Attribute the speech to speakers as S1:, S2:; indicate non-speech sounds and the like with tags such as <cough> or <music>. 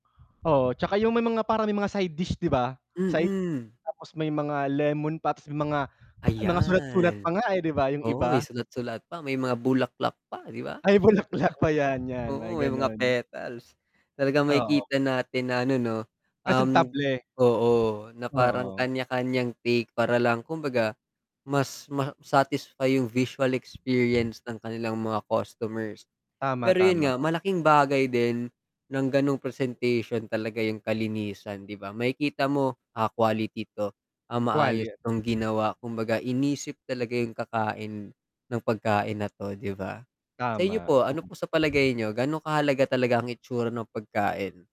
S1: Oo, 'tsaka yung may mga parang may mga side dish, 'di ba? Side
S2: Mm.
S1: tapos may mga lemon pa tas mga <blows air> mga sulat-sulat pa
S2: Ayan.
S1: nga, eh, 'di ba? Yung
S2: Oo, eh,
S1: iba.
S2: sulat-sulat pa, may mga bulaklak pa, 'di ba?
S1: Ay, bulaklak pa
S2: <chuckles>
S1: yan, yan mga
S2: Oo, may mga
S1: gano'n.
S2: petals. Talagang
S1: Oo.
S2: makikita natin na ano, 'no, um
S1: Presentable.
S2: oo, na parang
S1: Oo.
S2: kanya-kanyang take para lang kumbaga mas ma-satisfy yung visual experience ng kanilang mga customers.
S1: Tama,
S2: Pero yun
S1: tama.
S2: nga malaking bagay din ng ganong presentation talaga yung kalinisan, 'di ba? Makikita mo, ah, quality to, ah,
S1: Quali,
S2: maayos
S1: eh
S2: tong ginawa, kumbaga inisip talaga yung kakain ng pagkain na 'to, 'di ba? Sa inyo
S1: Tama,
S2: po, ano po sa
S1: mhm.
S2: palagay niyo gano kahalaga talaga ang itsura ng pagkain?